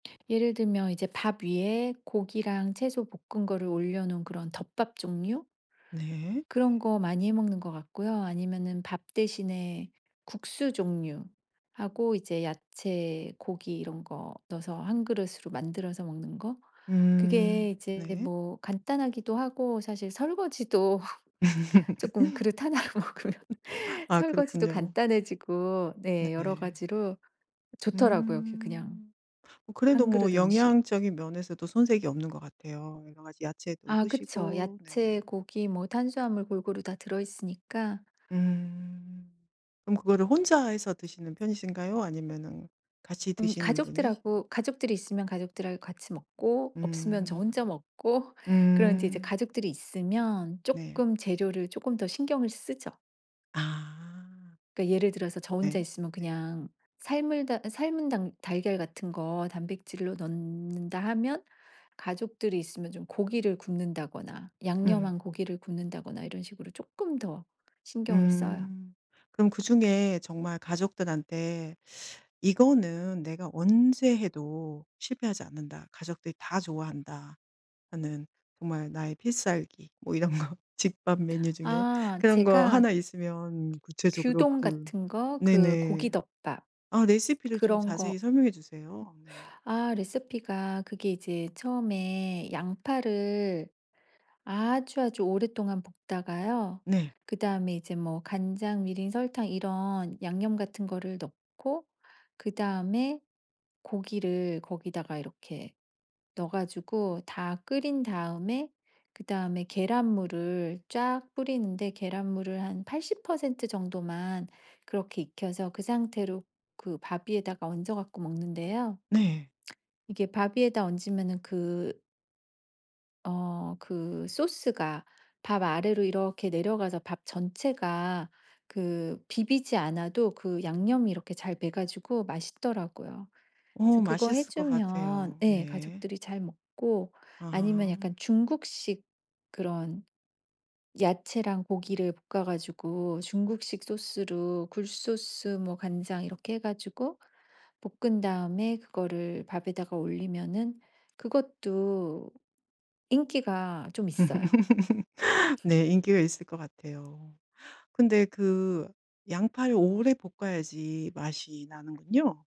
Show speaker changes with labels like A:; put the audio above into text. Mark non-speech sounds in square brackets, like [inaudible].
A: 예를 들면 이제 밥 위에 고기랑 채소 볶은 거를 올려 놓은 그런 덮밥 종류?
B: 네.
A: 그런 거 많이 해 먹는 것 같고요. 아니면은 밥 대신에 국수 종류하고 이제 야채, 고기 이런 거 넣어서 1 그릇으로 만들어서 먹는 거? 그게
B: 음
A: 이제
B: 네.
A: 뭐 간단하기도 하고 사실 설거지도 [laughs] 쪼끔 그릇 1 로 먹으면
B: [laughs] 아
A: 설거지도
B: 그렇군요.
A: 간단해지고 네.
B: 네.
A: 여러가지로 좋더라고요. 그 그냥
B: 음. 뭐 그래도
A: 1
B: 뭐
A: 그릇 음식.
B: 영양적인 면에서도 손색이 없는 것 같아요. 여러 가지 야채도
A: 아 그쵸.
B: 드시고
A: 야채,
B: 네네.
A: 고기 뭐 탄수화물 골고루 다 들어 있으니까
B: 음. 그럼 그거를 혼자 해서 드시는 편이신가요? 아니면은 같이
A: 음
B: 드시는 분이
A: 가족들하고 가족들이 있으면 가족들하고 같이 먹고 없으면 저
B: 음
A: 혼자 먹고 그럼 이제 이제
B: 음.
A: 가족들이 있으면
B: 네.
A: 쪼끔 재료를 쪼금 더 신경을 쓰죠.
B: 아.
A: 그러니까 예를 들어서 저 혼자
B: 네.
A: 있으면 그냥 삶을 달 삶은 당 달걀 같은 거 단백질로 넣는다 하면 가족들이 있으면 좀 고기를 굽는다거나
B: 음.
A: 양념한 고기를 굽는다거나 이런 식으로 쪼끔 더 신경을 써요.
B: 음. 그럼 그중에 정말 가족들한테 [sucks teeth] '이거는 내가 언제 해도 실패하지 않는다. 가족들이 다 좋아한다.' 하는 정말 나의 필살기. 뭐 이런 거. 집밥 메뉴 중에
A: 아
B: 그런 거
A: 제가
B: 하나 있으면 구체적으로
A: 규동
B: 그
A: 같은 거 그
B: 네네.
A: 고기 덮밥.
B: 아 레시피를 좀
A: 그런
B: 자세히
A: 거
B: 설명해 주세요. 네.
A: 아 레시피가 그게 이제 처음에 양파를 아주, 아주 오랫동안 볶다가요.
B: 네.
A: 그다음에 이제 뭐 간장, 미림, 설탕 이런 양념 같은 거를 넣고 그다음에 고기를 거기다가 이렇게 넣어 가지고 다 끓인 다음에 그다음에 계란 물을 쫙 뿌리는데 계란물을 한 80% 정도만 그렇게 익혀서 그 상태로 그 밥 위에다가 얹어 갖고 먹는데요.
B: 네.
A: 이게 밥 위에다 얹으면은 그 어 그 소스가 밥 아래로 이렇게 내려가서 밥 전체가 그 비비지 않아도 그 양념이 이렇게 잘 배 가지고 맛있더라고요.
B: 어
A: 그래서 그거
B: 맛있을 것
A: 해주면
B: 같아요.
A: 예.
B: 네.
A: 가족들이 잘 먹고 아니면
B: 아.
A: 약간 중국식 그런 야채랑 고기를 볶아 가지고 중국식 소스로 굴 소스, 뭐 간장 이렇게 해 가지고 볶은 다음에 그거를 밥에다가 올리면은 그것도 인기가 좀 있어요.
B: [laughs]
A: [laughs]
B: 네. 인기가 있을 것 같아요. 근데 그 양파를 오래 볶아야지 맛이 나는군요.